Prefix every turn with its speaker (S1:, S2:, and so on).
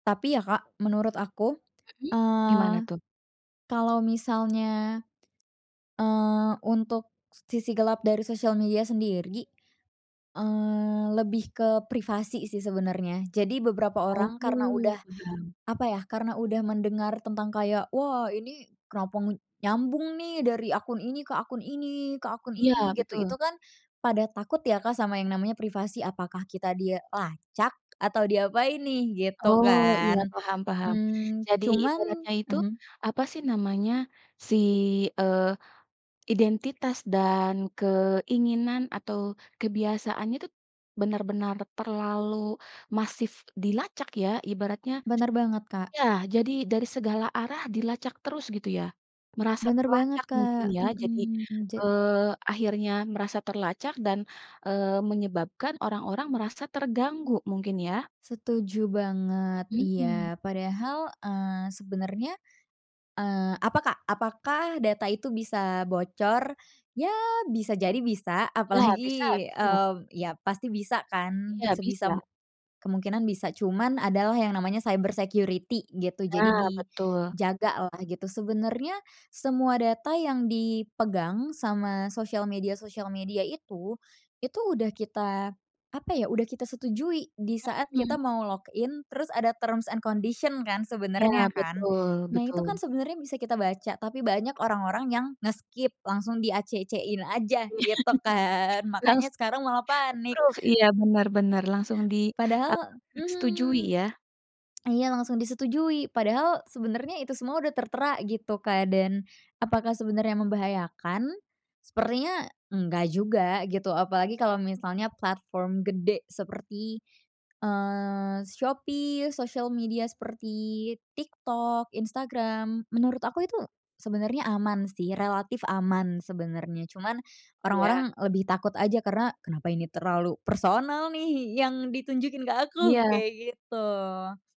S1: Tapi ya Kak, menurut aku,
S2: Mhm,
S1: eee,
S2: gimana tuh?
S1: kalo misalnya, eee, untuk sisi gelap dari sosial media sendiri, eee, lebih ke privasi sih sebenernya. Jadi beberapa
S2: Oh,
S1: orang karena
S2: iya.
S1: udah apa ya, karena udah mendengar tentang kayak, "Wah ini, kenapa nyambung nih, dari akun ini ke akun ini, ke akun
S2: Iya,
S1: ini?" gitu. Itu
S2: betul.
S1: kan pada takut ya Kak sama yang namanya privasi. Apakah kita dilacak? Atau diapain nih? Gitu
S2: Oh, iya,
S1: kan.
S2: paham paham.
S1: Mmm,
S2: Jadi
S1: cuman
S2: ibaratnya itu
S1: mhm.
S2: apa sih namanya, si eee, identitas dan keinginan atau kebiasaannya tu benar-benar terlalu masif dilacak ya ibaratnya
S1: Benar banget Kak.
S2: ya! Jadi, dari segala arah dilacak terus gitu ya? Merasa
S1: Benar banget
S2: terlacak mungkin
S1: Kak
S2: ya, jadi,
S1: mhm. Jad
S2: eee, akhirnya merasa terlacak dan, eee, menyebabkan orang-orang merasa terganggu mungkin ya?
S1: Setuju banget,
S2: Mhm.
S1: iya. Padahal, eee, sebenernya, eee, apa Kak? Apakah data itu bisa bocor? Ya, bisa jadi bisa,
S2: Iya, bisa,
S1: apalagi,
S2: bisa.
S1: eee, ya pasti bisa kan,
S2: Iya,
S1: sebisa
S2: bisa.
S1: kemungkinan bisa, cuman adalah yang namanya cyber security gitu. Jadi
S2: Nah, betul.
S1: dijaga lah gitu. Sebenernya semua data yang dipegang sama sosial media-sosial media itu, itu udah kita apa ya, udah kita setujui disaat kita
S2: Mhm.
S1: mau log in, terus ada terms and condition kan,
S2: Ya,
S1: sebenernya kan?
S2: betul,
S1: Nah, itu kan
S2: betul.
S1: sebenernya bisa kita baca, tapi banyak orang-orang yang nge-skip, langsung di-acc-in aja gitu kan? Makanya
S2: Langsung
S1: sekarang malah panik.
S2: approve, iya, benar, benar, langsung di, [unintelligible]
S1: Padahal
S2: eee, setujui
S1: mhm.
S2: ya?
S1: Iya langsung disetujui. Padahal sebenernya itu semua udah tertera gitu Kak, dan apakah sebenernya membahayakan? Sepertinya enggak juga gitu, apalagi kalo misalnya platform gede seperti, eee, Shopee, sosial media seperti TikTok, Instagram. Menurut aku itu sebenernya aman sih, relatif aman sebenernya. Cuman,
S2: Iya.
S1: orang-orang lebih takut aja, karena, "Kenapa ini terlalu personal nih, yang ditunjukin ke aku?"
S2: Iya.
S1: kayak gitu.